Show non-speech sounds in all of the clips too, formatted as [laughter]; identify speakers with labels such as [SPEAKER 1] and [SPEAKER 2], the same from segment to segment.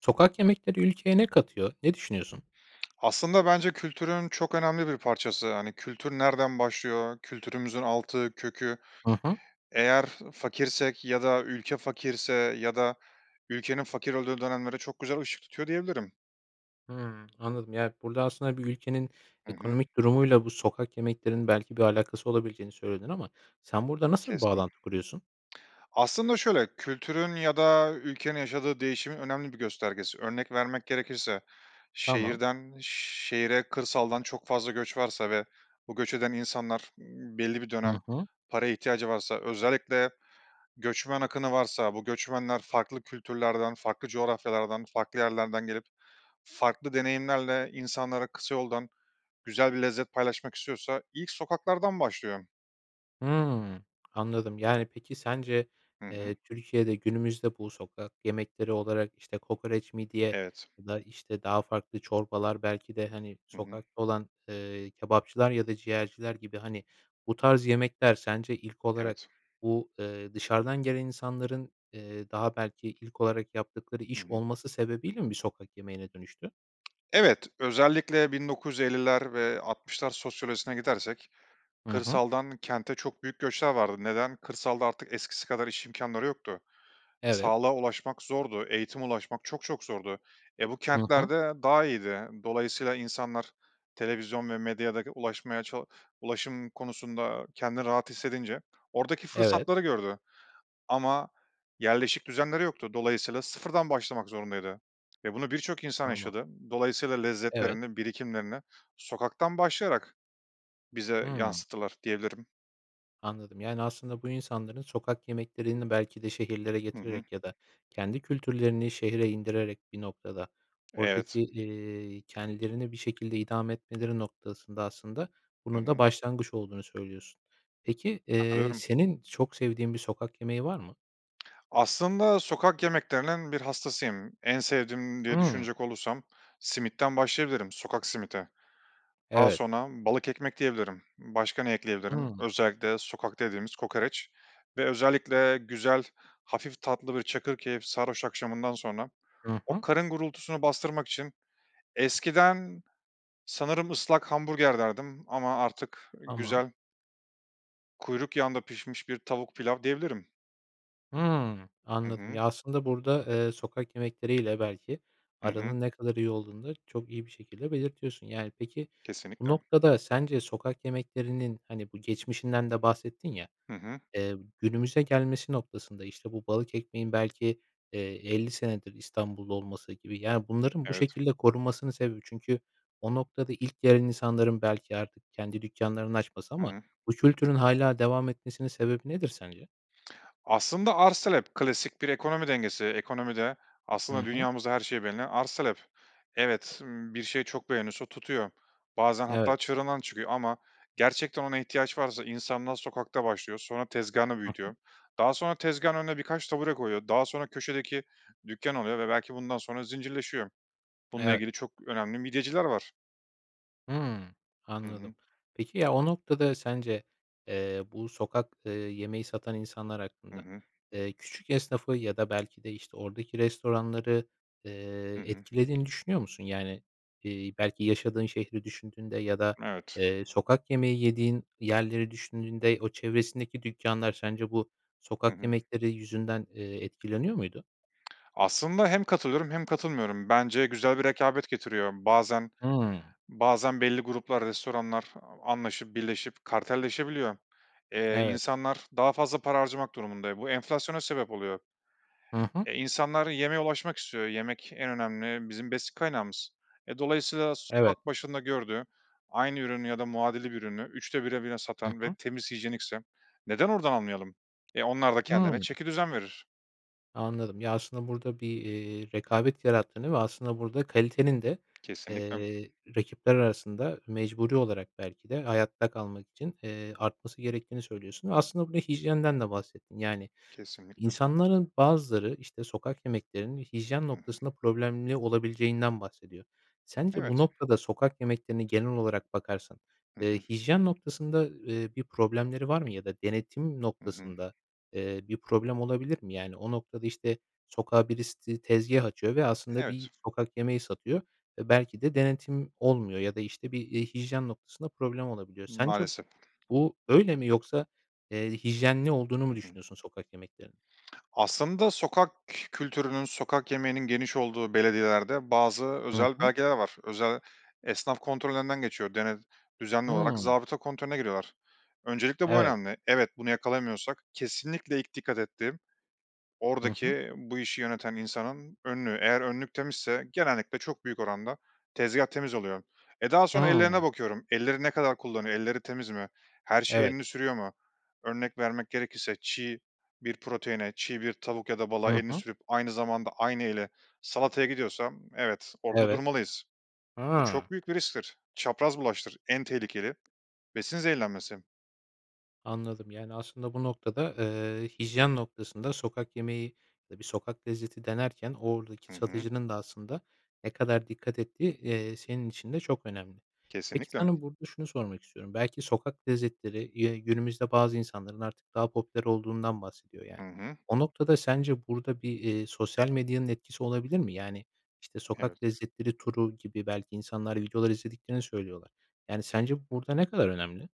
[SPEAKER 1] Sokak yemekleri ülkeye ne katıyor? Ne düşünüyorsun?
[SPEAKER 2] Aslında bence kültürün çok önemli bir parçası, hani, kültür nereden başlıyor, kültürümüzün altı, kökü
[SPEAKER 1] Hı hı.
[SPEAKER 2] eğer fakirsek ya da ülke fakirse ya da ülkenin fakir olduğu dönemlere çok güzel ışık tutuyor diyebilirim.
[SPEAKER 1] Hıı, anladım, yani, burada aslında bir ülkenin
[SPEAKER 2] Hı hı.
[SPEAKER 1] ekonomik durumuyla bu sokak yemeklerinin belki bir alakası olabileceğini söyledin ama sen burada nasıl bir
[SPEAKER 2] Kesin
[SPEAKER 1] bağlantı kuruyorsun?
[SPEAKER 2] Aslında şöyle; kültürün ya da ülkenin yaşadığı değişimin önemli bir göstergesi. Örnek vermek gerekirse
[SPEAKER 1] Tamam.
[SPEAKER 2] şehirden şehre kırsaldan çok fazla göç varsa ve bu göç eden insanlar m belli bir
[SPEAKER 1] Hı
[SPEAKER 2] dönem
[SPEAKER 1] hı.
[SPEAKER 2] paraya ihtiyacı varsa, özellikle göçmen akını varsa, bu göçmenler farklı kültürlerden, farklı coğrafyalardan, farklı yerlerden gelip farklı deneyimlerle insanlara kısa yoldan güzel bir lezzet paylaşmak istiyorsa ilk sokaklardan başlıyor.
[SPEAKER 1] Hıı, anladım. Yani, peki, sence,
[SPEAKER 2] Hı hı.
[SPEAKER 1] eee, Türkiye'de günümüzde bu sokak yemekleri olarak, işte, kokoreç, midye
[SPEAKER 2] Evet.
[SPEAKER 1] ya da, işte, daha farklı çorbalar belki de, hani,
[SPEAKER 2] Hı hı.
[SPEAKER 1] sokakta olan, ııı, kebapçılar ya da ciğerciler gibi, hani, bu tarz yemekler sence ilk olarak
[SPEAKER 2] Evet.
[SPEAKER 1] bu, ııı, dışarıdan gelen insanların, ııı, daha belki ilk olarak yaptıkları
[SPEAKER 2] Hı
[SPEAKER 1] iş
[SPEAKER 2] hı.
[SPEAKER 1] olması sebebiyle mi bir sokak yemeğine dönüştü?
[SPEAKER 2] Evet. Özellikle 1950'ler ve 60'lar sosyolojisine gidersek
[SPEAKER 1] Hı hı.
[SPEAKER 2] kırsaldan kente çok büyük göçler vardı. Neden? Kırsalda artık eskisi kadar iş imkânları yoktu.
[SPEAKER 1] Evet.
[SPEAKER 2] Sağlığa ulaşmak zordu, eğitime ulaşmak çok çok zordu. E, bu
[SPEAKER 1] Hı hı.
[SPEAKER 2] kentlerde daha iyiydi. Dolayısıyla insanlar, televizyon ve medyada ulaşmaya ça ulaşım konusunda kendini rahat hissedince oradaki
[SPEAKER 1] Evet.
[SPEAKER 2] fırsatları gördü. Ama yerleşik düzenleri yoktu, dolayısıyla sıfırdan başlamak zorundaydı ve bunu birçok insan
[SPEAKER 1] Tamam.
[SPEAKER 2] yaşadı. Dolayısıyla
[SPEAKER 1] Evet.
[SPEAKER 2] lezzetlerini, birikimlerini sokaktan başlayarak bize
[SPEAKER 1] Hıı.
[SPEAKER 2] yansıttılar diyebilirim.
[SPEAKER 1] Anladım. Yani, aslında bu insanların sokak yemeklerini belki de şehirlere
[SPEAKER 2] Hı hı.
[SPEAKER 1] getirerek ya da kendi kültürlerini şehre indirerek bir noktada oradaki,
[SPEAKER 2] Evet.
[SPEAKER 1] ııı, kendilerini bir şekilde idame etmeleri noktasında aslında
[SPEAKER 2] Hı
[SPEAKER 1] bunun da
[SPEAKER 2] hı.
[SPEAKER 1] başlangıç olduğunu söylüyorsun. Peki, eee,
[SPEAKER 2] Katılıyorum.
[SPEAKER 1] senin çok sevdiğin bir sokak yemeği var mı?
[SPEAKER 2] Aslında sokak yemeklerinin bir hastasıyım. En sevdiğim diye
[SPEAKER 1] Hıı.
[SPEAKER 2] düşünecek olursam simitten başlayabilirim, sokak simidi. Daha
[SPEAKER 1] Evet.
[SPEAKER 2] sonra balık ekmek diyebilirim. Başka ne ekleyebilirim?
[SPEAKER 1] Hıı.
[SPEAKER 2] Özellikle sokakta yediğimiz kokoreç ve özellikle güzel, hafif tatlı bir çakırkeyif sarhoş akşamından sonra
[SPEAKER 1] I
[SPEAKER 2] o
[SPEAKER 1] hı.
[SPEAKER 2] karın gurultusunu bastırmak için eskiden sanırım ıslak hamburger derdim ama artık
[SPEAKER 1] Tamam.
[SPEAKER 2] güzel kuyruk yağında pişmiş bir tavuk-pilav diyebilirim.
[SPEAKER 1] Hıı,
[SPEAKER 2] Hı
[SPEAKER 1] anladım.
[SPEAKER 2] hı.
[SPEAKER 1] Ya, aslında burada, eee, sokak yemekleri ile belki
[SPEAKER 2] Hı hı.
[SPEAKER 1] aranın ne kadar iyi olduğunu da çok iyi bir şekilde belirtiyorsun, yani. Peki, bu
[SPEAKER 2] Kesinlikle.
[SPEAKER 1] noktada sence sokak yemeklerinin, hani, bu geçmişinden de bahsettin ya,
[SPEAKER 2] Hı hı.
[SPEAKER 1] eee, günümüze gelmesi noktasında, işte, bu balık ekmeğin belki, eee, 50 senedir İstanbullu olması gibi, yani, bunların bu
[SPEAKER 2] Evet.
[SPEAKER 1] şekilde korunmasının sebebi Çünkü o noktada ilk gelen insanların belki artık kendi dükkânlarını açması
[SPEAKER 2] Hı
[SPEAKER 1] ama
[SPEAKER 2] hı.
[SPEAKER 1] bu kültürün hâlâ devam etmesinin sebebi nedir sence?
[SPEAKER 2] Aslında, arz talep, klasik bir ekonomi dengesi. Ekonomide, aslında,
[SPEAKER 1] Hı hı.
[SPEAKER 2] dünyamızda her şey belli, arz talep. Evet, ımm, bir şey çok beğeniliyorsa tutuyor. Bazen
[SPEAKER 1] Evet.
[SPEAKER 2] hatta çığrından çıkıyor ama gerçekten ona ihtiyaç varsa insanlar sokakta başlıyor, sonra tezgâhını
[SPEAKER 1] Hı hı.
[SPEAKER 2] büyütüyor. Daha sonra tezgâhın önüne birkaç tabure koyuyor, daha sonra köşedeki dükkân oluyor ve belki bundan sonra zincirleşiyor. Bununla
[SPEAKER 1] Evet.
[SPEAKER 2] ilgili çok önemli midyeciler var.
[SPEAKER 1] Hıı,
[SPEAKER 2] Hı
[SPEAKER 1] anladım.
[SPEAKER 2] hı.
[SPEAKER 1] Peki ya, o noktada sence, eee, bu sokak, eee, yemeği satan insanlar
[SPEAKER 2] Hı
[SPEAKER 1] hakkında,
[SPEAKER 2] hı.
[SPEAKER 1] eee, küçük esnafı ya da, belki de, işte, oradaki restoranları, eee,
[SPEAKER 2] Hı hı.
[SPEAKER 1] etkilediğini düşünüyor musun? Yani, iii, belki, yaşadığın şehri düşündüğünde ya da,
[SPEAKER 2] Evet.
[SPEAKER 1] eee, sokak yemeği yediğin yerleri düşündüğünde o çevresindeki dükkânlar sence bu
[SPEAKER 2] Hı
[SPEAKER 1] sokak
[SPEAKER 2] hı.
[SPEAKER 1] yemekleri yüzünden, eee, etkileniyor muydu?
[SPEAKER 2] [smacks lips] Aslında hem katılıyorum hem katılmıyorum. Bence güzel bir rekabet getiriyor. Bazen
[SPEAKER 1] Hıı.
[SPEAKER 2] bazen belli gruplar, restoranlar a anlaşıp, birleşip kartelleşebiliyor. Eee,
[SPEAKER 1] Evet.
[SPEAKER 2] insanlar daha fazla para harcamak durumunda, e, bu enflasyona sebep oluyor.
[SPEAKER 1] Hı hı.
[SPEAKER 2] E, insanlar yemeğe ulaşmak istiyor, yemek en önemli bizim besin kaynağımız. E, dolayısıyla
[SPEAKER 1] Evet.
[SPEAKER 2] sokak başında gördüğü aynı ürünü ya da muadili bir ürünü 3'te 1'e bile
[SPEAKER 1] Hı
[SPEAKER 2] satan ve
[SPEAKER 1] hı.
[SPEAKER 2] temiz, hijyenikse, neden oradan almayalım? E, onlar da
[SPEAKER 1] Hıı.
[SPEAKER 2] kendilerine çekidüzen verir.
[SPEAKER 1] Anladım. Ya, aslında burada bir, eee, rekabet yarattığını ve aslında burada kalitenin de,
[SPEAKER 2] Kesinlikle.
[SPEAKER 1] eee, rakipler arasında mecburi olarak belki de hayatta kalmak için, eee, artması gerektiğini söylüyorsun. Aslında buraya hijyenden de bahsettin. Yani,
[SPEAKER 2] Kesinlikle.
[SPEAKER 1] insanların bazıları, işte, sokak yemeklerinin hijyen
[SPEAKER 2] Hı hı.
[SPEAKER 1] noktasında problemli olabileceğinden bahsediyor. Sence bu
[SPEAKER 2] Evet.
[SPEAKER 1] noktada sokak yemeklerine genel olarak bakarsan,
[SPEAKER 2] Hı
[SPEAKER 1] eee,
[SPEAKER 2] hı.
[SPEAKER 1] hijyen noktasında, eee, bir problemleri var mı ya da denetim
[SPEAKER 2] Hı hı.
[SPEAKER 1] noktasında, eee, bir problem olabilir mi? Yani, o noktada, işte, sokağa birisi ti tezgâh açıyor ve aslında bir
[SPEAKER 2] Evet.
[SPEAKER 1] sokak yemeği satıyor ve belki de denetim olmuyor ya da, işte, bir, eee, hijyen noktasında problem olabiliyor. Sence
[SPEAKER 2] Maalesef.
[SPEAKER 1] bu, öyle mi yoksa, eee, hijyenli olduğunu
[SPEAKER 2] Hı
[SPEAKER 1] mu
[SPEAKER 2] hı.
[SPEAKER 1] düşünüyorsun sokak yemeklerinin?
[SPEAKER 2] Aslında sokak kültürünün, sokak yemeğinin geniş olduğu belediyelerde bazı
[SPEAKER 1] Hı
[SPEAKER 2] özel
[SPEAKER 1] hı.
[SPEAKER 2] belgeler var. Özel esnaf kontrollerinden geçiyor. Dene düzenli
[SPEAKER 1] Hıı.
[SPEAKER 2] olarak zabıta kontrolüne giriyorlar. Öncelikle bu
[SPEAKER 1] Evet.
[SPEAKER 2] önemli. Evet, bunu yakalayamıyorsak kesinlikle ilk dikkat ettiğim,
[SPEAKER 1] Hı hı.
[SPEAKER 2] oradaki bu işi yöneten insanın önlüğü. Eğer önlük temizse genellikle çok büyük oranda tezgâh temiz oluyor. Eee, daha sonra ellerine
[SPEAKER 1] Hıı.
[SPEAKER 2] bakıyorum, ellerini ne kadar kullanıyor, elleri temiz mi, her şeye
[SPEAKER 1] Evet.
[SPEAKER 2] elini sürüyor mu? Örnek vermek gerekirse, çiğ bir proteine, çiğ bir tavuk ya da balığa
[SPEAKER 1] Hı
[SPEAKER 2] elini
[SPEAKER 1] hı.
[SPEAKER 2] sürüp aynı zamanda aynı eli salataya gidiyorsa, evet orada
[SPEAKER 1] Evet.
[SPEAKER 2] durmalıyız. Bu
[SPEAKER 1] Hıı.
[SPEAKER 2] çok büyük bir risktir. Çapraz bulaştır, en tehlikeli besin zehirlenmesi.
[SPEAKER 1] Anladım. Yani, aslında bu noktada, ııı, hijyen noktasında sokak yemeği ya da bir sokak lezzeti denerken
[SPEAKER 2] Hı
[SPEAKER 1] oradaki
[SPEAKER 2] hı.
[SPEAKER 1] satıcının da aslında ne kadar dikkat ettiği, eee, senin için de çok önemli. Peki,
[SPEAKER 2] Kesinlikle.
[SPEAKER 1] sana burada şunu sormak istiyorum: Belki sokak lezzetleri, eee, günümüzde bazı insanların artık daha popüler olduğundan bahsediyor
[SPEAKER 2] Hı
[SPEAKER 1] yani.
[SPEAKER 2] hı.
[SPEAKER 1] O noktada sence burada bir, eee, sosyal medyanın etkisi olabilir mi? Yani, işte, sokak
[SPEAKER 2] Evet.
[SPEAKER 1] lezzetleri turu gibi belki insanlar videolar izlediklerini söylüyorlar. Yani, sence burada ne kadar önemli?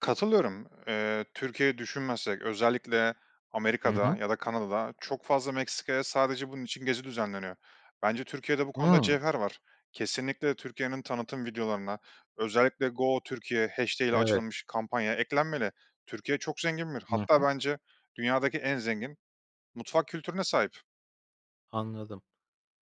[SPEAKER 2] Katılıyorum. Eee, Türkiye'yi düşünmezsek, özellikle
[SPEAKER 1] Hı
[SPEAKER 2] Amerika'da
[SPEAKER 1] hı.
[SPEAKER 2] ya da Kanada'da çok fazla Meksika'ya sadece bunun için gezi düzenleniyor. Bence Türkiye'de bu konuda
[SPEAKER 1] Hımm.
[SPEAKER 2] cevher var. Kesinlikle Türkiye'nin tanıtım videolarına, özellikle #GoTürkiye'i ile
[SPEAKER 1] Evet.
[SPEAKER 2] açılmış kampanya eklenmeli. Türkiye çok zengin bir
[SPEAKER 1] Hı
[SPEAKER 2] hatta
[SPEAKER 1] hı.
[SPEAKER 2] bence dünyadaki en zengin mutfak kültürüne sahip.
[SPEAKER 1] Anladım.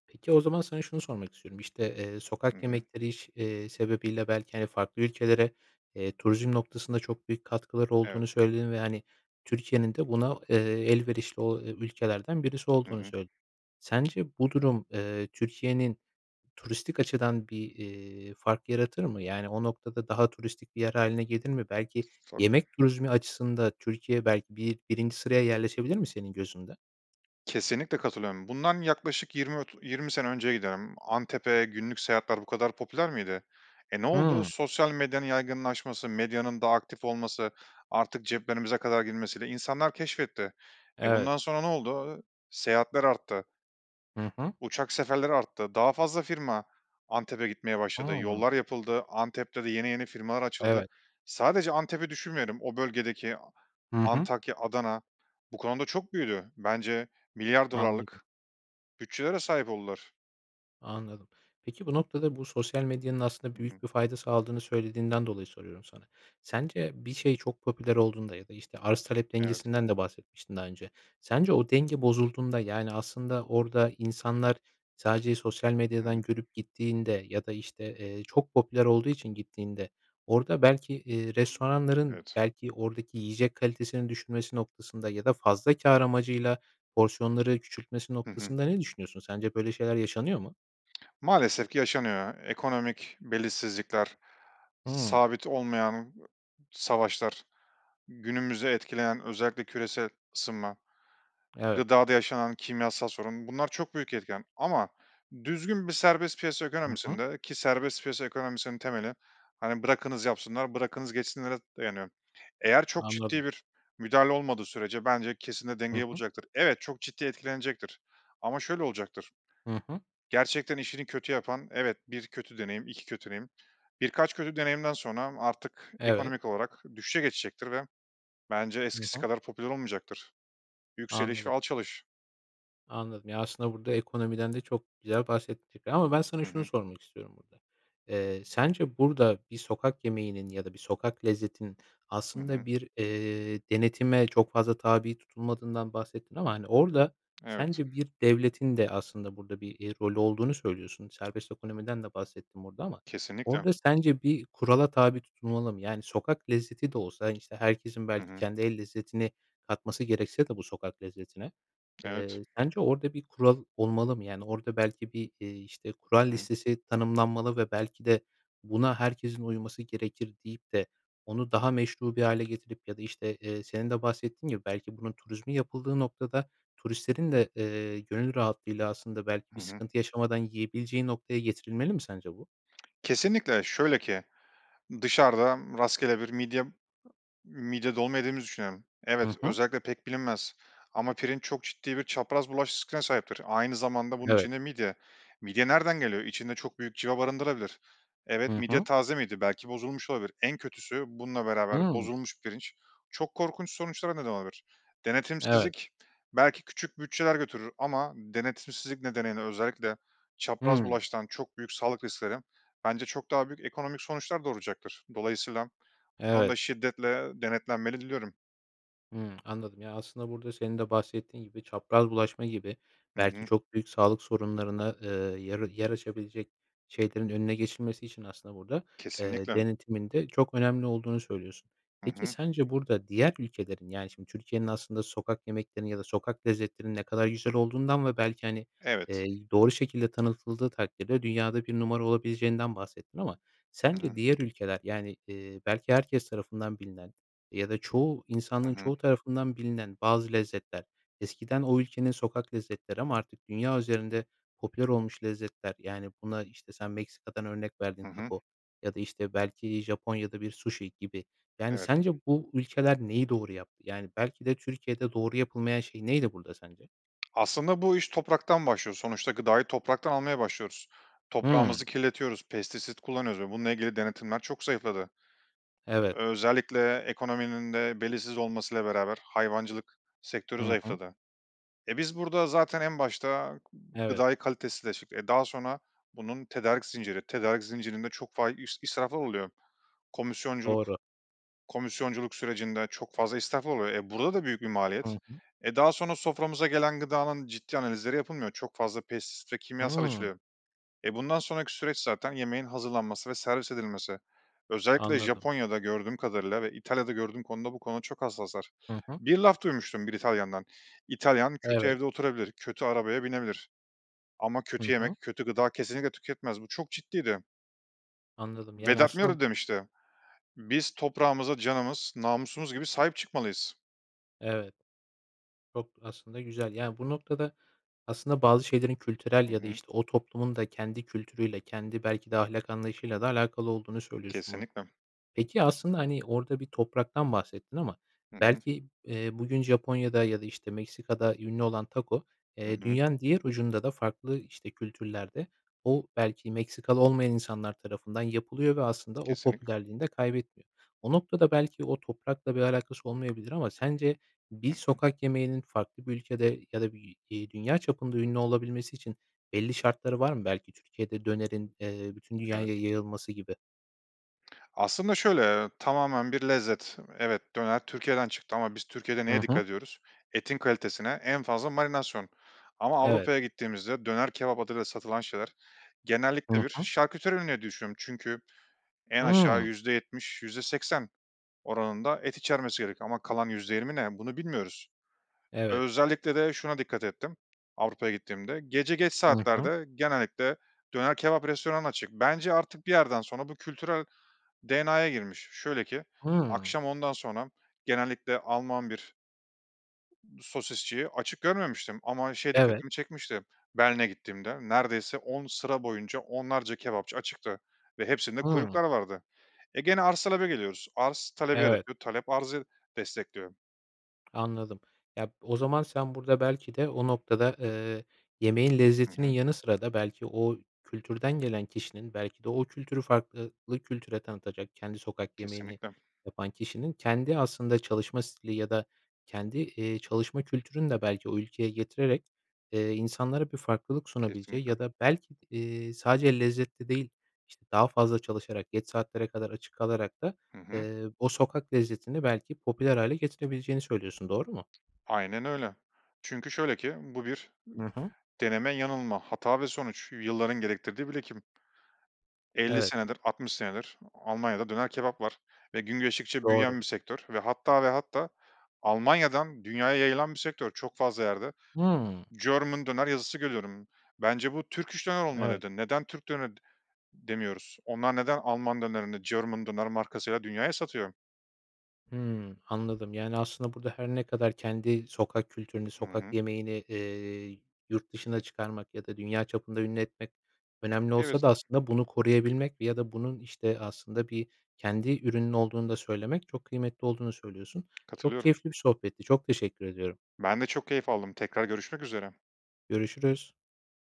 [SPEAKER 1] Peki, o zaman sana şunu sormak istiyorum. İşte, eee,
[SPEAKER 2] Hı
[SPEAKER 1] sokak
[SPEAKER 2] hı.
[SPEAKER 1] yemekleri iş eee, sebebiyle belki, hani, farklı ülkelere, eee, turizm noktasında çok büyük katkıları
[SPEAKER 2] Evet.
[SPEAKER 1] olduğunu söyledin ve, hani, Türkiye'nin de buna, eee, elverişli o ülkelerden birisi
[SPEAKER 2] Hı
[SPEAKER 1] olduğunu
[SPEAKER 2] hı.
[SPEAKER 1] söyledin. Sence bu durum, eee, Türkiye'nin turistik açıdan bir, eee, fark yaratır mı? Yani, o noktada daha turistik bir yer hâline gelir mi? Belki
[SPEAKER 2] Tabii.
[SPEAKER 1] yemek turizmi açısında Türkiye belki bi birinci sıraya yerleşebilir mi senin gözünde?
[SPEAKER 2] Kesinlikle katılıyorum. Bundan yaklaşık 20 ot 20 sene önceye giderdim. Antep'e günlük seyahatler bu kadar popüler miydi? E, ne oldu?
[SPEAKER 1] Hıı.
[SPEAKER 2] Sosyal medyanın yaygınlaşması, medyanın daha aktif olması, artık ceplerimize kadar girmesiyle insanlar keşfetti. E,
[SPEAKER 1] Evet.
[SPEAKER 2] bundan sonra ne oldu? Iıı, seyahatler arttı.
[SPEAKER 1] Hı hı.
[SPEAKER 2] Uçak seferleri arttı. Daha fazla firma Antep'e gitmeye başladı.
[SPEAKER 1] Hıı.
[SPEAKER 2] Yollar yapıldı, Antep'te de yeni yeni firmalar açıldı.
[SPEAKER 1] Evet.
[SPEAKER 2] Sadece Antep'i düşünmeyelim. O bölgedeki
[SPEAKER 1] Hı hı.
[SPEAKER 2] Antakya, Adana bu konuda çok büyüdü. Bence milyar
[SPEAKER 1] Anladım.
[SPEAKER 2] dolarlık bütçelere sahip oldular.
[SPEAKER 1] Anladım. Peki, bu noktada, bu sosyal medyanın aslında
[SPEAKER 2] Hı hı.
[SPEAKER 1] büyük bir fayda sağladığını söylediğinden dolayı soruyorum sana. Sence bir şey çok popüler olduğunda ya da, işte, arz talep
[SPEAKER 2] Evet.
[SPEAKER 1] dengesinden de bahsetmiştin, daha önce. Sence o denge bozulduğunda, yani, aslında orada insanlar sadece sosyal
[SPEAKER 2] Hı
[SPEAKER 1] medyadan
[SPEAKER 2] hı.
[SPEAKER 1] görüp gittiğinde ya da, işte, eee, çok popüler olduğu için gittiğinde orada belki, eee, restoranların,
[SPEAKER 2] Evet.
[SPEAKER 1] belki, oradaki yiyecek kalitesini düşmesi noktasında ya da fazla kâr amacıyla porsiyonları küçültmesi
[SPEAKER 2] Hı hı.
[SPEAKER 1] noktasında ne düşünüyorsun? Sence böyle şeyler yaşanıyor mu?
[SPEAKER 2] [smacks lips] Maalesef ki yaşanıyor. Ekonomik belirsizlikler,
[SPEAKER 1] Hıı.
[SPEAKER 2] sabit olmayan savaşlar, günümüzü etkileyen özellikle küresel ısınma,
[SPEAKER 1] Evet.
[SPEAKER 2] gıdada yaşanan kimyasal sorun bunlar çok büyük etken ama düzgün bir serbest piyasa
[SPEAKER 1] Hı hı.
[SPEAKER 2] ekonomisinde ki serbest piyasa ekonomisinin temeli, hani, bırakınız yapsınlar, bırakınız geçsinlere dayanıyor. Eğer çok ciddi
[SPEAKER 1] Anladım.
[SPEAKER 2] bir müdahale olmadığı sürece bence kesin de
[SPEAKER 1] Hı
[SPEAKER 2] dengeyi
[SPEAKER 1] hı.
[SPEAKER 2] bulacaktır. Evet, çok ciddi etkilenecektir ama şöyle olacaktır,
[SPEAKER 1] Hı hı.
[SPEAKER 2] gerçekten işini kötü yapan evet, 1 kötü deneyim, 2 kötü deneyim, birkaç kötü deneyimden sonra artık
[SPEAKER 1] Evet.
[SPEAKER 2] ekonomik olarak düşüşe geçecektir ve bence
[SPEAKER 1] Hı
[SPEAKER 2] eskisi
[SPEAKER 1] hı.
[SPEAKER 2] kadar popüler olmayacaktır. Yükseliş ve
[SPEAKER 1] Anladım.
[SPEAKER 2] alçalış.
[SPEAKER 1] Anladım. Ya, aslında burada ekonomiden de çok güzel bahsettin tabii ama ben sana
[SPEAKER 2] Hı
[SPEAKER 1] şunu
[SPEAKER 2] hı.
[SPEAKER 1] sormak istiyorum burada. Eee, sence burada bir sokak yemeğinin ya da bir sokak lezzetinin
[SPEAKER 2] Hı
[SPEAKER 1] aslında
[SPEAKER 2] hı.
[SPEAKER 1] bir, eee, denetime çok fazla tabi tutulmadığından bahsettin ama, hani, orada
[SPEAKER 2] Evet.
[SPEAKER 1] sence bir devletin de, aslında, burada bir, eee, rolü olduğunu söylüyorsun? Serbest ekonomiden de bahsettin burada ama
[SPEAKER 2] Kesinlikle.
[SPEAKER 1] orada sence bir kurala tabi tutulmalı mı? Yani, sokak lezzeti de olsa, hani, işte, herkesin
[SPEAKER 2] Hı
[SPEAKER 1] belki
[SPEAKER 2] hı.
[SPEAKER 1] kendi el lezzetini katması gerekse de bu sokak lezzetine,
[SPEAKER 2] Evet.
[SPEAKER 1] eee, sence orada bir kural olmalı mı? Yani, orada belki bir, eee, işte, kural
[SPEAKER 2] Hı hı.
[SPEAKER 1] listesi tanımlanmalı ve belki de buna herkesin uyması gerekir deyip de onu daha meşru bir hâle getirip ya da, işte, eee, senin de bahsettiğin gibi belki bunun turizmi yapıldığı noktada turistlerin de, eee, gönül rahatlığıyla, aslında, belki
[SPEAKER 2] Hı
[SPEAKER 1] bir
[SPEAKER 2] hı.
[SPEAKER 1] sıkıntı yaşamadan yiyebileceği noktaya getirilmeli mi sence bu?
[SPEAKER 2] Kesinlikle. Şöyle ki, dışarıdan rastgele bir midye midye dolma yediğimizi düşünelim. Evet,
[SPEAKER 1] Hı hı.
[SPEAKER 2] özellikle pek bilinmez ama pirinç çok ciddi bir çapraz bulaş riskine sahiptir. Aynı zamanda bunun
[SPEAKER 1] Evet.
[SPEAKER 2] içinde midye. Midye nereden geliyor? İçinde çok büyük cıva barındırabilir. Evet,
[SPEAKER 1] Hı
[SPEAKER 2] midye
[SPEAKER 1] hı.
[SPEAKER 2] taze miydi? Belki bozulmuş olabilir. En kötüsü, bununla beraber
[SPEAKER 1] Hıı.
[SPEAKER 2] bozulmuş pirinç çok korkunç sonuçlara neden olabilir.
[SPEAKER 1] Evet.
[SPEAKER 2] Denetimsizlik belki küçük bütçeler götürür ama denetimsizlik nedeniyle özellikle çapraz
[SPEAKER 1] Hıı.
[SPEAKER 2] bulaştıran çok büyük sağlık riskleri bence çok daha büyük ekonomik sonuçlar doğuracaktır. Dolayısıyla bu
[SPEAKER 1] Evet.
[SPEAKER 2] konuda şiddetle denetlenmeli diliyorum.
[SPEAKER 1] Hıı, anladım. Ya, aslında burada senin de bahsettiğin gibi çapraz bulaşma gibi,
[SPEAKER 2] Hı
[SPEAKER 1] belki,
[SPEAKER 2] hı.
[SPEAKER 1] çok büyük sağlık sorunlarına, ııı, yer yer açabilecek şeylerin önüne geçilmesi için aslında burada, eee,
[SPEAKER 2] Kesinlikle.
[SPEAKER 1] denetimin de çok önemli olduğunu söylüyorsun.
[SPEAKER 2] Hı
[SPEAKER 1] Peki,
[SPEAKER 2] hı.
[SPEAKER 1] sence burada diğer ülkelerin, yani, şimdi Türkiye'nin aslında sokak yemeklerinin ya da sokak lezzetlerinin ne kadar güzel olduğundan ve belki, hani,
[SPEAKER 2] Evet.
[SPEAKER 1] eee, doğru şekilde tanıtıldığı takdirde dünyada 1 numara olabileceğinden bahsettin. Ama
[SPEAKER 2] Hı
[SPEAKER 1] sence
[SPEAKER 2] hı.
[SPEAKER 1] diğer ülkeler, yani, eee, belki herkes tarafından bilinen ya da çoğu
[SPEAKER 2] Hı
[SPEAKER 1] insanlığın
[SPEAKER 2] hı.
[SPEAKER 1] çoğu tarafından bilinen bazı lezzetler eskiden o ülkenin sokak lezzetleri ama artık dünya üzerinde popüler olmuş lezzetler, yani, buna işte sen Meksika'dan örnek verdin,
[SPEAKER 2] Hı hı.
[SPEAKER 1] taco ya da, işte, belki Japonya'da bir sushi gibi. Yani,
[SPEAKER 2] Evet.
[SPEAKER 1] sence bu ülkeler neyi doğru yaptı? Yani, belki de Türkiye'de doğru yapılmayan şey neydi burada sence?
[SPEAKER 2] Aslında bu iş topraktan başlıyor. Sonuçta gıdayı topraktan almaya başlıyoruz.
[SPEAKER 1] Hıı.
[SPEAKER 2] Toprağımızı kirletiyoruz. Pestisit kullanıyoruz ve bununla ilgili denetimler çok zayıfladı.
[SPEAKER 1] Evet.
[SPEAKER 2] Özellikle ekonominin de belirsiz olmasıyla beraber hayvancılık sektörü
[SPEAKER 1] Hı hı.
[SPEAKER 2] zayıfladı. E, biz burada zaten en başta
[SPEAKER 1] Evet.
[SPEAKER 2] gıdayı kalitesizleştirdik. E, daha sonra bunun tedarik zinciri tedarik zincirinde çok fa i israflar oluyor. Komisyonculuk
[SPEAKER 1] Doğru.
[SPEAKER 2] komisyonculuk sürecinde çok fazla israflar oluyor. E, burada da büyük bir
[SPEAKER 1] Hı
[SPEAKER 2] maliyet.
[SPEAKER 1] hı.
[SPEAKER 2] E, daha sonra soframıza gelen gıdanın ciddi analizleri yapılmıyor. Çok fazla pestisit ve kimyasal
[SPEAKER 1] Hıı.
[SPEAKER 2] içeriyor. E, bundan sonraki süreç zaten yemeğin hazırlanması ve servis edilmesi. Özellikle
[SPEAKER 1] Anladım.
[SPEAKER 2] Japonya'da gördüğüm kadarıyla ve İtalya'da gördüğüm konuda bu konuda çok hassaslar.
[SPEAKER 1] Hı hı.
[SPEAKER 2] Bir laf duymuştum bir İtalyan'dan. İtalyan kötü
[SPEAKER 1] Evet.
[SPEAKER 2] evde oturabilir, kötü arabaya binebilir ama
[SPEAKER 1] Hı
[SPEAKER 2] kötü
[SPEAKER 1] hı.
[SPEAKER 2] yemek, kötü gıda kesinlikle tüketmez. Bu çok ciddiydi.
[SPEAKER 1] Anladım. Yani,
[SPEAKER 2] Vedat Milor
[SPEAKER 1] aslında
[SPEAKER 2] de demişti. Biz, toprağımıza canımız, namusumuz gibi sahip çıkmalıyız.
[SPEAKER 1] Evet. Çok aslında güzel. Ya, bu noktada aslında bazı şeylerin kültürel
[SPEAKER 2] Hı
[SPEAKER 1] ya da,
[SPEAKER 2] hı.
[SPEAKER 1] işte, o toplumun da kendi kültürüyle, kendi belki de ahlak anlayışıyla da alakalı olduğunu söylüyorsun bunun.
[SPEAKER 2] Kesinlikle.
[SPEAKER 1] Peki, aslında, hani, orada bir topraktan bahsettin ama
[SPEAKER 2] Hı hı.
[SPEAKER 1] belki, eee, bugün Japonya'da ya da, işte, Meksika'da ünlü olan tako,
[SPEAKER 2] Hı
[SPEAKER 1] eee,
[SPEAKER 2] hı.
[SPEAKER 1] dünyanın diğer ucunda da farklı işte kültürlerde o belki Meksikalı olmayan insanlar tarafından yapılıyor ve aslında o
[SPEAKER 2] Kesinlikle.
[SPEAKER 1] popülerliğini de kaybetmiyor. O noktada belki o toprakla bir alakası olmayabilir ama sence
[SPEAKER 2] Hı
[SPEAKER 1] bir
[SPEAKER 2] hı.
[SPEAKER 1] sokak yemeğinin farklı bir ülkede ya da bir, iii, dünya çapında ünlü olabilmesi için belli şartları var mı? Belki Türkiye'de dönerin, eee, bütün
[SPEAKER 2] Evet.
[SPEAKER 1] dünyaya yayılması gibi?
[SPEAKER 2] Aslında şöyle, eee, tamamen bir lezzet. Evet, döner Türkiye'den çıktı ama biz Türkiye'de
[SPEAKER 1] Hı
[SPEAKER 2] neye
[SPEAKER 1] hı.
[SPEAKER 2] dikkat ediyoruz? Etin kalitesine en fazla marinasyon ama
[SPEAKER 1] Evet.
[SPEAKER 2] Avrupa'ya gittiğimizde döner kebap adıyla satılan şeyler
[SPEAKER 1] Hı
[SPEAKER 2] genellikle bir
[SPEAKER 1] hı.
[SPEAKER 2] şarküteri ürünü diye düşünüyorum çünkü en aşağı
[SPEAKER 1] Hıı.
[SPEAKER 2] %70 %80 oranında et içermesi gerek ama kalan %20 ne, bunu bilmiyoruz.
[SPEAKER 1] Evet.
[SPEAKER 2] Özellikle de şuna dikkat ettim Avrupa'ya gittiğimde; gece geç
[SPEAKER 1] Hı hı.
[SPEAKER 2] saatlerde genellikle döner kebap restoranı açık. Bence artık bir yerden sonra bu kültürel DNA'ya girmiş. Şöyle ki
[SPEAKER 1] Hıı.
[SPEAKER 2] akşam ondan sonra genellikle Alman bir sosisçiyi açık görmemiştim ama şey
[SPEAKER 1] Evet.
[SPEAKER 2] dikkatimi çekmişti; Berlin'e gittiğimde neredeyse 10 sıra boyunca onlarca kebapçı açıktı ve hepsinde
[SPEAKER 1] Hıı.
[SPEAKER 2] kuyruklar vardı. E, gene arz-talebe geliyoruz. Arz, talebi
[SPEAKER 1] Evet.
[SPEAKER 2] yaratıyor. Talep, arzı destekliyor.
[SPEAKER 1] Anladım. Ya b o zaman sen burada belki de o noktada, eee, yemeğin
[SPEAKER 2] Hı
[SPEAKER 1] lezzetinin
[SPEAKER 2] hı.
[SPEAKER 1] yanı sıra da belki o kültürden gelen kişinin belki de o kültürü fark eee, lı kültüre tanıtacak, kendi sokak yemeğini
[SPEAKER 2] Kesinlikle.
[SPEAKER 1] yapan kişinin kendi aslında çalışma stili ya da kendi, eee, çalışma kültürünü de belki o ülkeye getirerek, eee, insanlara bir farklılık sunabileceği
[SPEAKER 2] Kesinlikle.
[SPEAKER 1] ya da belki eee, sadece lezzetli değil, işte, daha fazla çalışarak, geç saatlere kadar açık kalarak da,
[SPEAKER 2] Hı hı.
[SPEAKER 1] eee, o sokak lezzetini belki popüler hâle getirebileceğini söylüyorsun, doğru mu?
[SPEAKER 2] Aynen öyle. Çünkü şöyle ki bu bir, ımm,
[SPEAKER 1] I hı.
[SPEAKER 2] deneme yanılma, hata ve sonuç, yılların gerektirdiği birikim. 50
[SPEAKER 1] Evet.
[SPEAKER 2] senedir, 60 senedir Almanya'da döner kebap var ve gün geçtikçe
[SPEAKER 1] Doğru.
[SPEAKER 2] büyüyen bir sektör ve hatta ve hatta Almanya'dan dünyaya yayılan bir sektör. Çok fazla yerde
[SPEAKER 1] Hıı.
[SPEAKER 2] German döner yazısı görüyorum, bence bu Turkish döner
[SPEAKER 1] Evet.
[SPEAKER 2] olmalıydı. Neden Türk döne demiyoruz? Onlar neden Alman dönerini German döner markasıyla dünyaya satıyor?
[SPEAKER 1] Hıı, anladım. Yani, aslında burada her ne kadar kendi sokak kültürünü,
[SPEAKER 2] Hı
[SPEAKER 1] sokak
[SPEAKER 2] hı.
[SPEAKER 1] yemeğini, eee, yurt dışına çıkarmak ya da dünya çapında ünlü etmek önemli olsa
[SPEAKER 2] Evet.
[SPEAKER 1] da aslında bunu koruyabilmek ya da bunun, işte, aslında bir kendi ürünün olduğunu da söylemek çok kıymetli olduğunu söylüyorsun. Çok
[SPEAKER 2] Katılıyorum.
[SPEAKER 1] keyifli bir sohbetti, çok teşekkür ediyorum.
[SPEAKER 2] Ben de çok keyif aldım. Tekrar görüşmek üzere.
[SPEAKER 1] Görüşürüz.